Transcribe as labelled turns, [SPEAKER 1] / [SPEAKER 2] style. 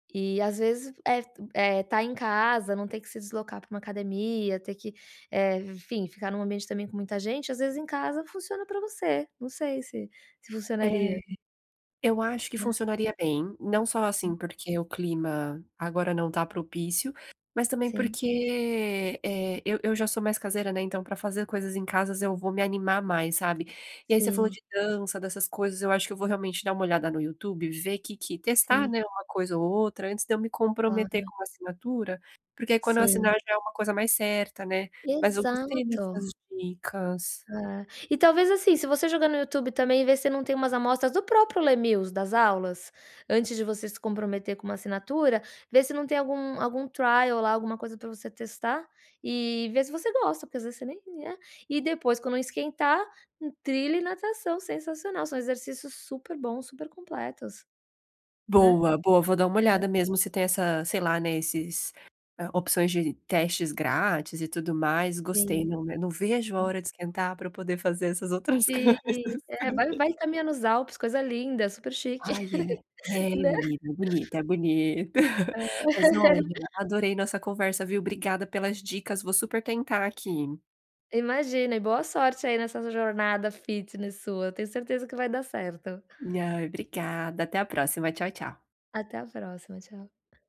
[SPEAKER 1] E, às vezes, eh tu eh, tá em casa não ter que se deslocar pra uma academia, ter que, eh, enfim, ficar num ambiente também com muita gente, às vezes, em casa, funciona pra você. Não sei se se
[SPEAKER 2] É,
[SPEAKER 1] funcionaria.
[SPEAKER 2] eu acho que
[SPEAKER 1] Né.
[SPEAKER 2] funcionaria bem, não só, assim,
[SPEAKER 1] Hum.
[SPEAKER 2] porque o clima agora não tá propício, mas também
[SPEAKER 1] Sim.
[SPEAKER 2] porque, eh, eu eu já sou mais caseira, né, então pra fazer coisas em casa eu vou me animar mais, sabe. E aí você falou
[SPEAKER 1] Sim.
[SPEAKER 2] de dança, dessas coisas, eu acho que eu vou realmente dar uma olhada no YouTube e ver que que testar,
[SPEAKER 1] Sim.
[SPEAKER 2] né, uma coisa ou outra, antes de eu me comprometer
[SPEAKER 1] Claro.
[SPEAKER 2] com uma assinatura, porque quando eu assinar,
[SPEAKER 1] Sim.
[SPEAKER 2] já é uma coisa mais certa, né. Mas eu gostei
[SPEAKER 1] Exato.
[SPEAKER 2] destas dicas.
[SPEAKER 1] [unintelligible] E talvez, assim, se você jogar no YouTube também, vê se não tem umas amostras do próprio Les Mills, das aulas, antes de você se comprometer com uma assinatura, vê se não tem algum algum trial lá, alguma coisa pra você testar e vê se você gosta, porque às vezes você nem né, e depois quando esquentar, in trilha e natação. Sensacional. São exercícios super bons, super completos, né.
[SPEAKER 2] Boa, boa, vou dar uma olhada
[SPEAKER 1] É.
[SPEAKER 2] mesmo se tem essa, sei lá, né, esses opções de testes grátis e tudo mais, gostei.
[SPEAKER 1] Sim.
[SPEAKER 2] Não né não vejo a
[SPEAKER 1] Sim.
[SPEAKER 2] hora de esquentar, pra eu poder fazer essas outras
[SPEAKER 1] Sim.
[SPEAKER 2] coisas,
[SPEAKER 1] É, vai
[SPEAKER 2] sabe.
[SPEAKER 1] vai caminhar nos Alpes, coisa linda, super chique.
[SPEAKER 2] Ai é. É,
[SPEAKER 1] Né.
[SPEAKER 2] menina, é bonito, é bonito!
[SPEAKER 1] É.
[SPEAKER 2] Mas olha, adorei nossa conversa, viu, obrigada pelas dicas, vou super tentar aqui.
[SPEAKER 1] Imagina e boa sorte aí nessa sua jornada fitness sua, eu tenho certeza que vai dar certo.
[SPEAKER 2] Ai, obrigada, até a próxima, tchau tchau.
[SPEAKER 1] Até a próxima, tchau.